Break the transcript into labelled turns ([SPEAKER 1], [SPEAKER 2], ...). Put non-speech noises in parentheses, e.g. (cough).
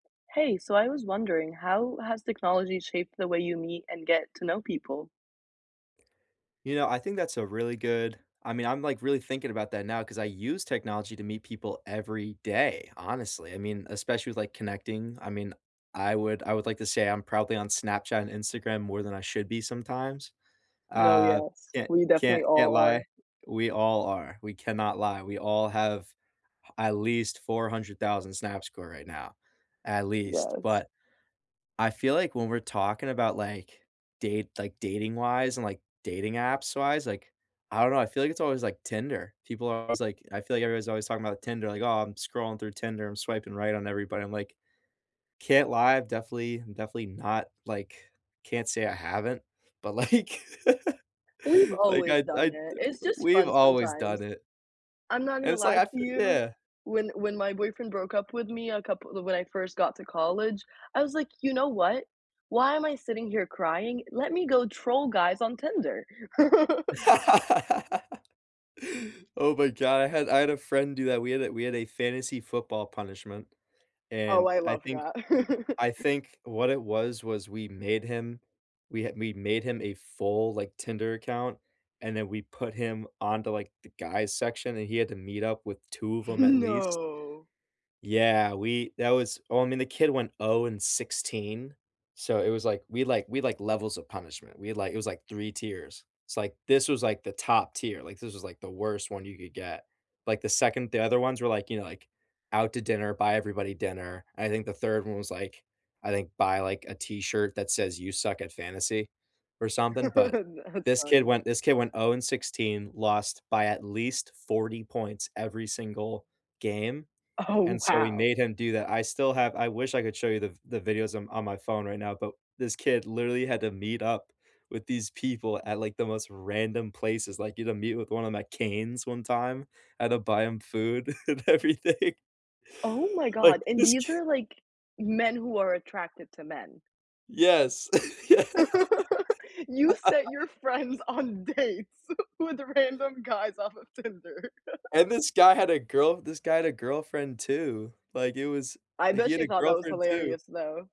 [SPEAKER 1] Hey, so I was wondering how has technology shaped the way you meet and get to know people?
[SPEAKER 2] You know, I think that's a really good I mean, I'm, like, really thinking about that now 'cause I use technology to meet people every day, honestly, I mean, especially with, like, connecting, I mean, I would I would like to say I'm probably on Snapchat and Instagram more than I should be sometimes.
[SPEAKER 1] No,
[SPEAKER 2] Uh,
[SPEAKER 1] yes.
[SPEAKER 2] can't
[SPEAKER 1] We definitely
[SPEAKER 2] can't can't
[SPEAKER 1] all
[SPEAKER 2] lie.
[SPEAKER 1] are.
[SPEAKER 2] We all are, we cannot lie, we all have at least 400,000 Snapscore right now. At least,
[SPEAKER 1] Yes.
[SPEAKER 2] but, I feel like when we're talking about, like, date like, dating-wise and, like, dating apps-wise, like, I don't know, I feel like it's always, like, Tinder, people are always, like I feel like everybody's always talking about Tinder, like, "Oh, I'm scrolling through Tinder. I'm swiping right on everybody." I'm like, can't lie, I've definitely definitely not like, can't say I haven't, but, like, (laughs)
[SPEAKER 1] We've
[SPEAKER 2] like,
[SPEAKER 1] always
[SPEAKER 2] I'd
[SPEAKER 1] done
[SPEAKER 2] I'd
[SPEAKER 1] it, it's just
[SPEAKER 2] we've
[SPEAKER 1] fun
[SPEAKER 2] always
[SPEAKER 1] sometimes.
[SPEAKER 2] done it.
[SPEAKER 1] I'm not
[SPEAKER 2] And
[SPEAKER 1] gonna
[SPEAKER 2] it's, like,
[SPEAKER 1] lie
[SPEAKER 2] I
[SPEAKER 1] to
[SPEAKER 2] f
[SPEAKER 1] you.
[SPEAKER 2] Yeah.
[SPEAKER 1] When when my boyfriend broke up with me a couple when I first got to college, I was like, "You know what? Why am I sitting here crying? Let me go troll guys on Tinder." (laughs)
[SPEAKER 2] (laughs) Oh my god, I had I had a friend do that, we had a we had a fantasy football punishment,
[SPEAKER 1] Oh,
[SPEAKER 2] and
[SPEAKER 1] I
[SPEAKER 2] I
[SPEAKER 1] love
[SPEAKER 2] think
[SPEAKER 1] that.
[SPEAKER 2] I
[SPEAKER 1] (laughs)
[SPEAKER 2] think what it was, was we made him we had we'd made him a full, like, Tinder account, and then we put him onto, like, the guys section, and he had to meet up with 2 of 'em at
[SPEAKER 1] (chuckles)
[SPEAKER 2] least.
[SPEAKER 1] No.
[SPEAKER 2] Yeah, we that was oh, I mean, the kid went 0 and 16, so, it was, like we, like we, like levels of punishment, we, like it was, like, 3 tiers. It's like this was, like, the top tier, like, this was, like, the worst one you could get. Like, the 2nd the other ones were, like, you know, like, out to dinner, buy everybody dinner, I think the 3rd one was, like, I think buy, like, a T-shirt that says, "You suck at fantasy" or something, but
[SPEAKER 1] (chuckles) That's
[SPEAKER 2] this kid
[SPEAKER 1] funny.
[SPEAKER 2] went this kid went 0 and 16, lost by at least 40 points every single game,
[SPEAKER 1] Oh,
[SPEAKER 2] and so, we
[SPEAKER 1] wow.
[SPEAKER 2] made him do that, I still have I wish I could show you the the videos on on my phone right now, but this kid literally had to meet up with these people at, like, the most random places, like, you know, meet with one of 'em at Cane's one time, had to buy him food and everything.
[SPEAKER 1] Oh my
[SPEAKER 2] Like,
[SPEAKER 1] god, and
[SPEAKER 2] this
[SPEAKER 1] these
[SPEAKER 2] kid
[SPEAKER 1] are, like, men who are attracted to men.
[SPEAKER 2] Yes. Yeah.
[SPEAKER 1] (laughs) You
[SPEAKER 2] (laughs)
[SPEAKER 1] set your friends on dates with random guys off of Tinder? (chuckles)
[SPEAKER 2] And this guy had a girl this guy had a girlfriend too. Like, it was
[SPEAKER 1] I
[SPEAKER 2] like, he
[SPEAKER 1] bet
[SPEAKER 2] had
[SPEAKER 1] she
[SPEAKER 2] a
[SPEAKER 1] thought that was
[SPEAKER 2] girlfriend too.
[SPEAKER 1] hilarious though.